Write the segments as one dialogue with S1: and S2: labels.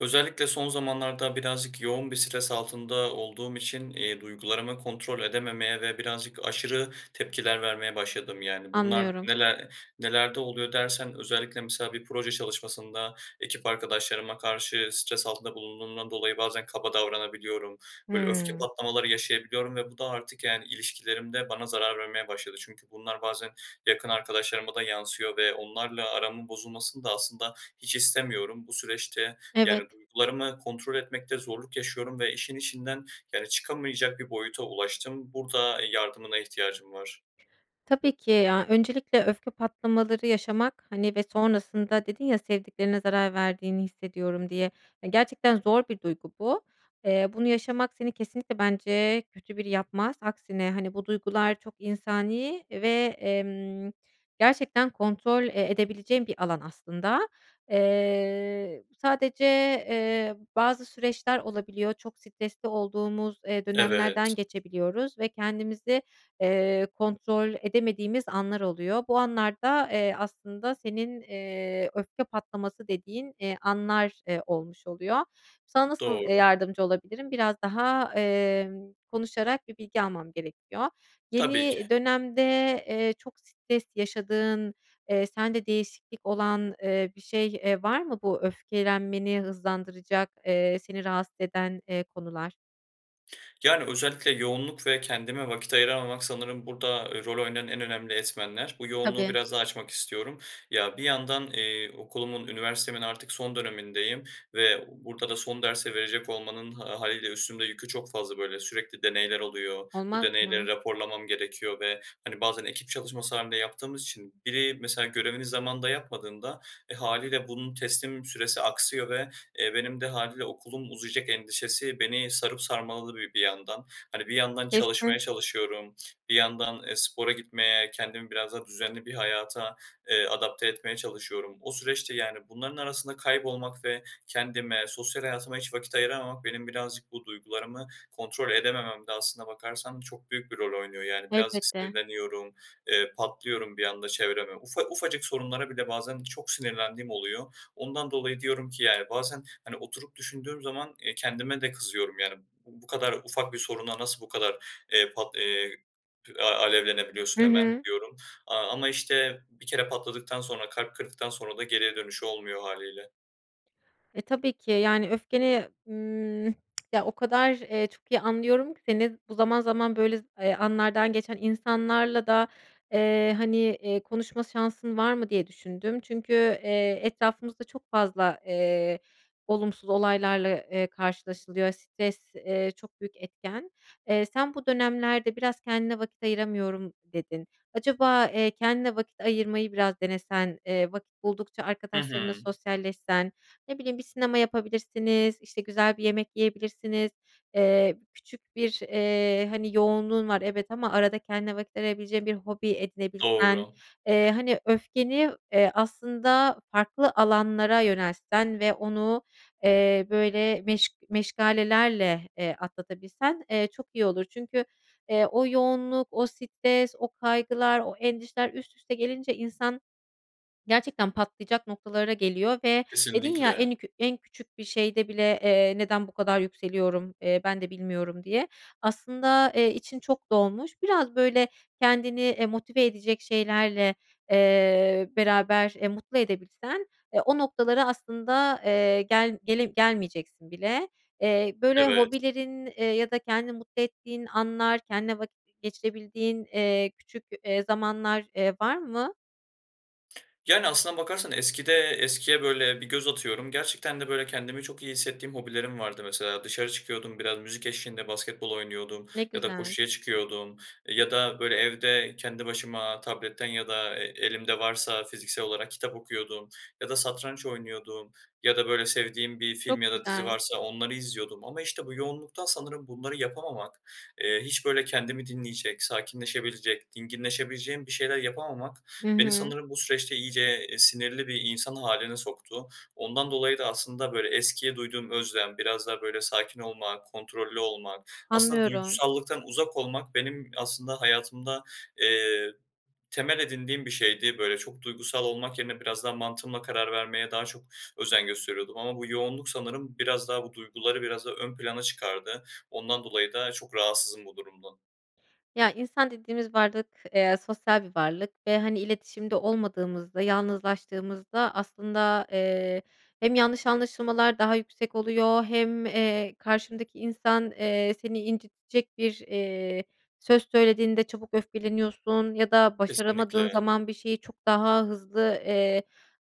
S1: Özellikle son zamanlarda birazcık yoğun bir stres altında olduğum için, iii, duygularımı kontrol edememeye ve birazcık aşırı tepkiler vermeye başladım. Yani, bunlar
S2: Anlıyorum.
S1: neler nelerde oluyor dersen özellikle mesela bir proje çalışmasında ekip arkadaşlarıma karşı stres altında bulunduğumdan dolayı bazen kaba davranabiliyorum, böyle öfke
S2: Hıı.
S1: patlamaları yaşayabiliyorum ve bu da artık yani ilişkilerimde bana zarar vermeye başladı. Çünkü bunlar bazen yakın arkadaşlarıma da yansıyor ve onlarla aramın bozulmasını da aslında hiç istemiyorum. Bu süreçte,
S2: Evet.
S1: yani, duygularımı kontrol etmekte zorluk yaşıyorum ve işin içinden yani çıkamayacak bir boyuta ulaştım. Burada yardımına ihtiyacım var.
S2: Tabii ki ya, öncelikle öfke patlamaları yaşamak, hani, ve sonrasında dedin ya sevdiklerine zarar verdiğini hissediyorum diye. E, gerçekten zor bir duygu bu. Eee, bunu yaşamak seni kesinlikle bence kötü biri yapmaz. Aksine, hani, bu duygular çok insani ve, emm, gerçekten kontrol, eee, edebileceğin bir alan aslında. Eee, sadece, eee, bazı süreçler olabiliyor. Çok stresli olduğumuz, eee, dönemlerden
S1: Evet.
S2: geçebiliyoruz ve kendimizi, eee, kontrol edemediğimiz anlar oluyor. Bu anlarda, eee, aslında senin, eee, öfke patlaması dediğin, eee, anlar, eee, olmuş oluyor. Sana nasıl, eee,
S1: Doğru.
S2: yardımcı olabilirim biraz daha, eee, konuşarak bir bilgi almam gerekiyor.
S1: Tabii
S2: Yeni
S1: ki.
S2: dönemde, eee, çok stres yaşadığın, eee, sende değişiklik olan, eee, bir şey, eee, var mı bu öfkelenmeni hızlandıracak, eee, seni rahatsız eden, eee, konular?
S1: Yani, özellikle yoğunluk ve kendime vakit ayıramamak sanırım burada, eee, rol oynayan en önemli etmenler. Bu yoğunluğu
S2: Tabii.
S1: biraz daha açmak istiyorum. Ya, bir yandan, eee, okulumun, üniversitemin artık son dönemindeyim ve burada da son dersi verecek olmanın ha hâliyle üstümde yükü çok fazla. Böyle, sürekli deneyler oluyor, bu
S2: Olmaz
S1: deneyleri
S2: mı?
S1: raporlamam gerekiyor ve, hani, bazen ekip çalışması hâlinde yaptığımız için biri, mesela, görevini zamanında yapmadığında, eee, hâliyle bunun teslim süresi aksıyor ve, eee, benim de hâliyle okulum uzayacak endişesi beni sarıp sarmaladı bir bir yandan. Hani, bir yandan çalışmaya
S2: [unintelligible]
S1: çalışıyorum, bir yandan, eee, spora gitmeye, kendimi biraz daha düzenli bir hayata, eee, adapte etmeye çalışıyorum. O süreçte, yani, bunların arasında kaybolmak ve kendime sosyal hayatıma hiç vakit ayıramamak benim birazcık bu duygularımı kontrol edemememde aslına bakarsan çok büyük bir rol oynuyor. Yani, birazcık
S2: Elbette.
S1: sinirleniyorum, eee, patlıyorum bir anda çevreme. Ufa ufacık sorunlara bile bazen çok sinirlendiğim oluyor. Ondan dolayı diyorum ki yani, bazen, hani, oturup düşündüğüm zaman, eee, kendime de kızıyorum. Yani, "B bu kadar ufak bir soruna nasıl bu kadar, eee, pat a
S2: Hı
S1: alevlenebiliyorsun hemen?"
S2: hı.
S1: diyorum, aaa, ama işte, bir kere patladıktan sonra kalp kırdıktan sonra da geriye dönüşü olmuyor hâliyle.
S2: E, tabii ki yani, öfkeni, ımm, ya, o kadar, eee, çok iyi anlıyorum ki seni, bu zaman zaman, böyle, eee, anlardan geçen insanlarla da, eee, hani, iii, konuşma şansın var mı diye düşündüm. Çünkü, eee, etrafımızda çok fazla, eee, olumsuz olaylarla, eee, karşılaşılıyor. Stres, eee, çok büyük etken. Eee, sen bu dönemlerde "Biraz kendine vakit ayıramıyorum," dedin. Acaba, eee, kendine vakit ayırmayı biraz denesen, eee, vakit buldukça
S1: Hı hı.
S2: arkadaşlarınla sosyalleşsen, ne bileyim bir sinema yapabilirsiniz, işte, güzel bir yemek yiyebilirsiniz, eee, küçük bir, eee, hani, yoğunluğun var evet ama arada kendine vakit ayırabileceğin bir hobi edinebilsen,
S1: Doğru.
S2: eee, hani, öfkeni, eee, aslında farklı alanlara yöneltsen ve onu, eee, böyle, meş meşgalelerle, eee, atlatabilsen, eee, çok iyi olur. Çünkü, eee, o yoğunluk, o stres, o kaygılar, o endişeler üst üste gelince insan gerçekten patlayacak noktalara geliyor ve dedin, ya,
S1: Kesinlikle.
S2: en kü en küçük bir şeyde bile, eee, "Neden bu kadar yükseliyorum, eee, ben de bilmiyorum," diye aslında, eee, için çok dolmuş. Biraz, böyle, kendini, eee, motive edecek şeylerle, eee, beraber, eee, mutlu edebilsen, eee, o noktalara aslında, eee, gel gele gelmeyeceksin bile. Eee, böyle,
S1: Evet.
S2: hobilerin, eee, ya da kendini mutlu ettiğin anlar, kendinle vakit geçirebildiğin, eee, küçük, eee, zamanlar, eee, var mı?
S1: Yani aslına bakarsan eskide eskiye böyle bir göz atıyorum. Gerçekten deü böyleü kendimi çok iyi hissettiğim hobilerim vardı mesela dışarı çıkıyordum. Biraz müzik eşliğinde basketbol oynuyordum
S2: Ne
S1: ya da
S2: güzel.
S1: koşuya çıkıyordum ya da, böyle, evde kendi başıma tabletten ya da e elimde varsa fiziksel olarak kitap okuyordum ya da satranç oynuyordum ya da, böyle, sevdiğim bir
S2: Çok
S1: film ya da dizi
S2: güzel.
S1: varsa onları izliyordum ama işte bu yoğunluktan sanırım bunları yapamamak, eee, hiç, böyle, kendimi dinleyecek, sakinleşebilecek, dinginleşebileceğim bir şeyler yapamamak
S2: Hı
S1: beni
S2: hı.
S1: sanırım bu süreçte iyice, eee, sinirli bir insan hâline soktu. Ondan dolayı da aslında, böyle, eskiye duyduğum özlem, biraz daha böyle sakin olmak, kontrollü olmak, aslında
S2: Anlıyorum.
S1: duygusallıktan uzak olmak benim aslında hayatımda, eee, temel edindiğim bir şeydi. Böyle çok duygusal olmak yerine biraz daha mantığımla karar vermeye daha çok özen gösteriyordum ama bu yoğunluk sanırım biraz daha bu duyguları biraz daha ön plana çıkardı. Ondan dolayı da çok rahatsızım bu durumdan.
S2: Ya, insan dediğimiz varlık, eee, sosyal bir varlık ve hani iletişimde olmadığımızda, yalnızlaştığımızda aslında, eee, hem yanlış anlaşılmalar daha yüksek oluyor hem, eee, karşındaki insan, eee, seni incitecek bir, eee, söz söylediğinde çabuk öfkeleniyorsun ya da başaramadığın
S1: Kesinlikle.
S2: zaman bir şeye çok daha hızlı, eee,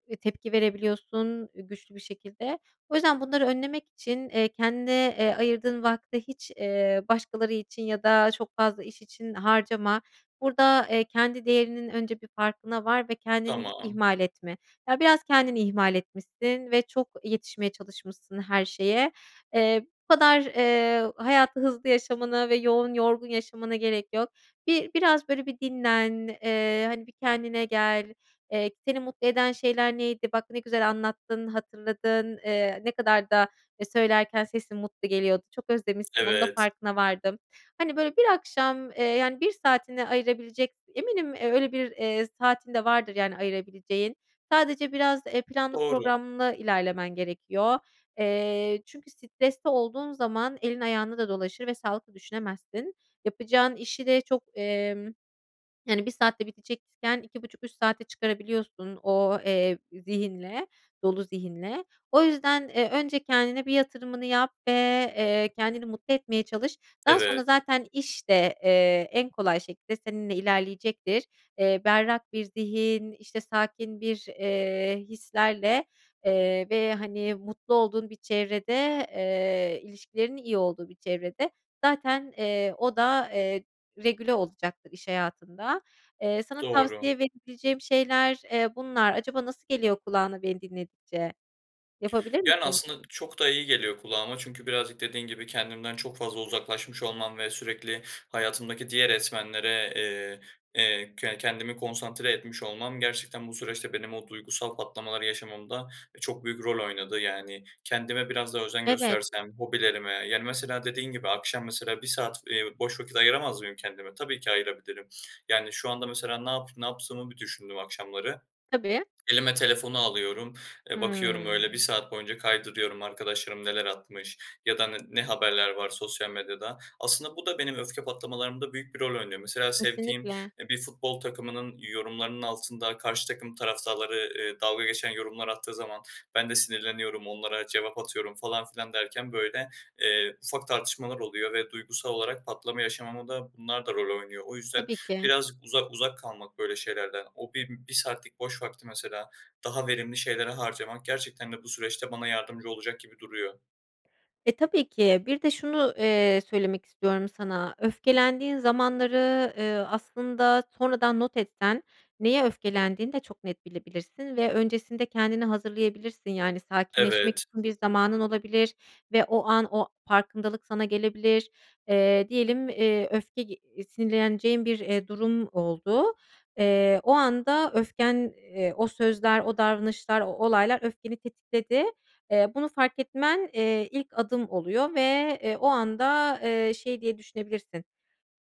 S2: e, tepki verebiliyorsun güçlü bir şekilde. O yüzden bunları önlemek için, eee, kendine, eee, ayırdığın vakti hiç, eee, başkaları için ya da çok fazla iş için harcama. Burada, eee, kendi değerinin önce bir farkına var ve kendini hiç
S1: Tamam.
S2: ihmal etme. Ya, biraz kendini ihmal etmişsin ve çok yetişmeye çalışmışsın her şeye. Eee, bu kadar, eee, hayatı hızlı yaşamana ve yoğun, yorgun yaşamana gerek yok. Bir biraz böyle bir dinlen. Eee, hani, bir kendine gel. Eee, seni mutlu eden şeyler neydi? Bak ne güzel anlattın, hatırladın. Eee, ne kadar da, eee, söylerken sesin mutlu geliyordu. Çok özlemişsin. Onun da
S1: Evet.
S2: farkına vardım. Hani böyle bir akşam, eee, yani 1 saatini ayırabilecek, eminim öyle 1, eee, saatin de vardır yani ayırabileceğin. Sadece biraz, eee, planlı
S1: Doğru.
S2: programlı ilerlemen gerekiyor. Eee, çünkü stresli olduğun zaman elin ayağına da dolaşır ve sağlıklı düşünemezsin. Yapacağın işi de çok, emm, yani 1 saatte bitecekken 2-2,5-3 saatte çıkarabiliyorsun o, eee, zihinle, dolu zihinle. O yüzden, eee, önce kendine bir yatırımını yap ve, eee, kendini mutlu etmeye çalış. Daha sonra
S1: Evet.
S2: zaten iş de, eee, en kolay şekilde seninle ilerleyecektir. Eee, berrak bir zihin, işte sakin bir, eee, hislerle, eee, ve, hani, mutlu olduğun bir çevrede, eee ilişkilerinin iyi olduğu bir çevrede zaten, eee, o da, eee, regüle olacaktır iş hayatın da. Eee, sana
S1: Doğru.
S2: tavsiye verebileceğim şeyler, eee, bunlar acaba nasıl geliyor kulağına beni dinledikçe, yapabilir
S1: Yani
S2: misin?
S1: aslında çok da iyi geliyor kulağıma çünkü birazcık dediğin gibi kendimden çok fazla uzaklaşmış olmam ve sürekli hayatımdaki diğer etmenlere, eee, eee, ke kendimi konsantre etmiş olmam gerçekten bu süreçte benim o duygusal patlamaları yaşamamda, e, çok büyük rol oynadı. Yani kendime biraz daha özen
S2: Evet.
S1: göstersem, hobilerime yani mesela dediğin gibi akşam mesela 1 saat, eee, boş vakit ayıramaz mıyım kendime? Tabii ki ayırabilirim. Yani, şu anda mesela ne yap ne yaptığımı bir düşündüm akşamları,
S2: Tabii.
S1: elime telefonu alıyorum, eee, bakıyorum öyle 1
S2: Hımm.
S1: saat boyunca kaydırıyorum arkadaşlarım neler atmış ya da ne ne haberler var sosyal medyada. Aslında bu da benim öfke patlamalarımda büyük bir rol oynuyor. Mesela sevdiğim,
S2: Kesinlikle.
S1: eee, bir futbol takımının yorumlarının altında karşı takım taraftarları, eee, dalga geçen yorumlar attığı zaman ben de sinirleniyorum, onlara cevap atıyorum falan filan derken böyle, eee, ufak tartışmalar oluyor ve duygusal olarak patlama yaşamama da bunlar da rol oynuyor. O yüzden
S2: Tabii ki.
S1: birazcık uzak uzak kalmak böyle şeylerden. O bi bir saatlik boş vakti mesela daha verimli şeylere harcamak gerçekten de bu süreçte bana yardımcı olacak gibi duruyor.
S2: E, tabii ki bir de şunu, eee, söylemek istiyorum sana. Öfkelendiğin zamanları, ııı, aslında sonradan not etsen neye öfkelendiğini de çok net bilebilirsin ve öncesinde kendini hazırlayabilirsin. Yani, sakinleşmek
S1: Evet,
S2: için bir zamanın olabilir ve o an o farkındalık sana gelebilir. Eee, diyelim, eee, öfke ge iii, sinirleneceğin bir, eee, durum oldu. Eee, o anda öfken, eee, o sözler, o davranışlar, o olaylar öfkeni tetikledi. Eee, bunu fark etmen, eee, ilk adım oluyor ve, eee, o anda, eee, şey diye düşünebilirsin,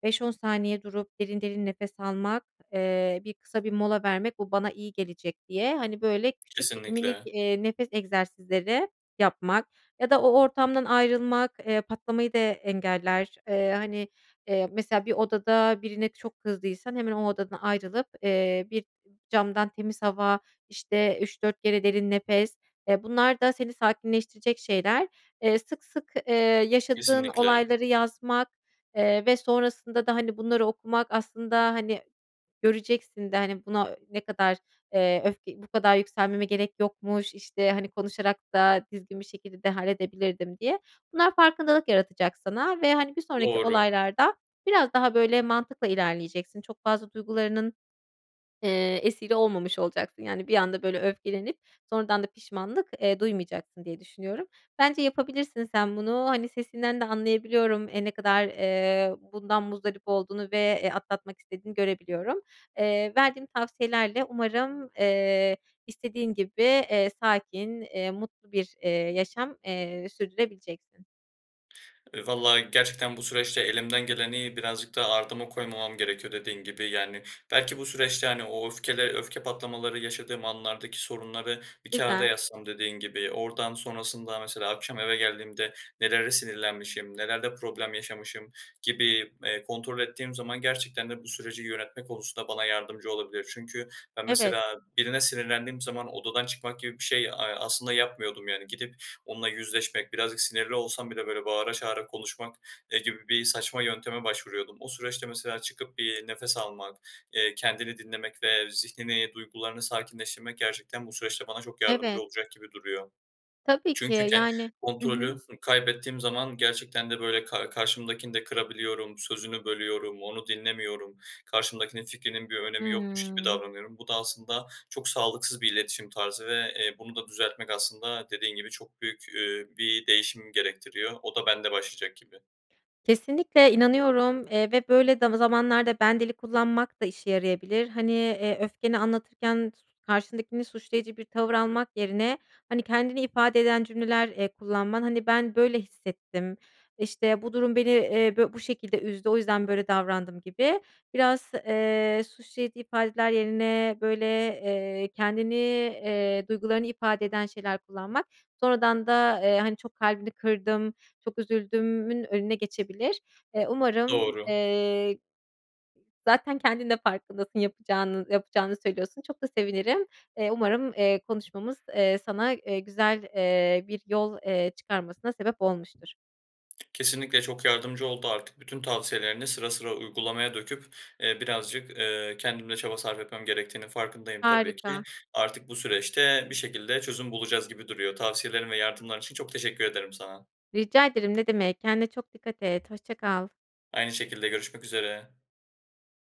S2: "5-10 saniye durup derin derin nefes almak, eee, bir kısa bir mola vermek, bu bana iyi gelecek." diye, hani, böyle küçük, minik,
S1: Kesinlikle.
S2: eee, nefes egzersizleri yapmak ya da o ortamdan ayrılmak, eee, patlamayı da engeller. Eee, hani, eee, mesela bir odada birine çok kızdıysan hemen o odadan ayrılıp, eee, bir camdan temiz hava, işte, 3-4 kere derin nefes. Eee, bunlar da seni sakinleştirecek şeyler. Eee, sık sık, eee, yaşadığın
S1: Kesinlikle.
S2: olayları yazmak, eee, ve sonrasında da, hani, bunları okumak aslında, hani, göreceksin de, hani, buna ne kadar, eee, öfke "Bu kadar yükselmeme gerek yokmuş, işte, hani, konuşarak da düzgün bir şekilde de halledebilirdim." diye. Bunlar farkındalık yaratacak sana ve, hani, bir sonraki
S1: Doğru.
S2: olaylarda biraz daha böyle mantıkla ilerleyeceksin. Çok fazla duygularının, eee, esiri olmamış olacaksın. Yani, bir anda böyle öfkelenip sonradan da pişmanlık, eee, duymayacaksın diye düşünüyorum. Bence yapabilirsin sen bunu. Hani, sesinden de anlayabiliyorum. Eee, ne kadar, eee, bundan muzdarip olduğunu ve, eee, atlatmak istediğini görebiliyorum. Eee, verdiğim tavsiyelerle umarım, eee, istediğin gibi, eee, sakin, eee, mutlu bir, eee, yaşam, eee, sürdürebileceksin.
S1: E, vallahi gerçekten bu süreçte elimden geleni birazcık daha ardıma koymamam gerekiyor dediğin gibi. Yani, belki bu süreçte, hani, o öfkeli öfke patlamaları yaşadığım anlardaki sorunları bir kâğıda
S2: Güzel.
S1: yazsam dediğin gibi, oradan sonrasında mesela akşam eve geldiğimde nelere sinirlenmişim, nelerde problem yaşamışım gibi, eee, kontrol ettiğim zaman gerçekten de bu süreci yönetme konusunda bana yardımcı olabilir. Çünkü ben
S2: Evet.
S1: mesela birine sinirlendiğim zaman odadan çıkmak gibi bir şey, eee, aslında yapmıyordum yani. Gidip onunla yüzleşmek, birazcık sinirli olsam bile, böyle, bağıra çağıra konuşmak, eee, gibi bir saçma yönteme başvuruyordum. O süreçte mesela çıkıp bir nefes almak, eee, kendimi dinlemek ve zihnimi, duygularımı sakinleştirmek gerçekten bu süreçte bana çok yardımcı
S2: Evet.
S1: olacak gibi duruyor.
S2: Tabii ki.
S1: Çünkü ken
S2: Yani Hı hı.
S1: kontrolü kaybettiğim zaman gerçekten de, böyle, ka karşımdakini de kırabiliyorum, sözünü bölüyorum, onu dinlemiyorum. Karşımdakinin fikrinin bir önemi yokmuş gibi
S2: Hımm.
S1: davranıyorum. Bu da aslında çok sağlıksız bir iletişim tarzı ve, eee, bunu da düzeltmek aslında dediğin gibi çok büyük, üüü, bir değişim gerektiriyor. O da bende başlayacak gibi.
S2: Kesinlikle inanıyorum, eee, ve böyle da zamanlarda ben dili kullanmak da işe yarayabilir. Hani, eee, öfkeni anlatırken karşındakini suçlayıcı bir tavır almak yerine, hani, kendini ifade eden cümleler, eee, kullanman Hani, "Ben, böyle hissettim. İşte, bu durum beni, eee, bö bu şekilde üzdü. O yüzden böyle davrandım." gibi biraz, eee, suçlayıcı ifadeler yerine böyle, eee, kendini, eee, duygularını ifade eden şeyler kullanmak, sonradan da, eee, hani, "Çok kalbini kırdım, çok üzüldüm."ün önüne geçebilir. Eee, umarım,
S1: Doğru.
S2: eee, zaten kendin de farkındasın yapacağının yapacağını söylüyorsun. Çok da sevinirim. Eee, umarım, eee, konuşmamız, eee, sana, eee, güzel, eee, bir yol, eee, çıkarmasına sebep olmuştur.
S1: Kesinlikle çok yardımcı oldu. Artık bütün tavsiyelerini sıra sıra uygulamaya döküp, eee, birazcık, ııı, kendim de çaba sarf etmem gerektiğinin farkındayım tabii ki.
S2: Harika.
S1: Artık bu süreçte bir şekilde çözüm bulacağız gibi duruyor. Tavsiyelerin ve yardımların için çok teşekkür ederim sana.
S2: Rica ederim, ne demek. Kendine çok dikkat et, hoşça kal
S1: Aynı şekilde, görüşmek üzere.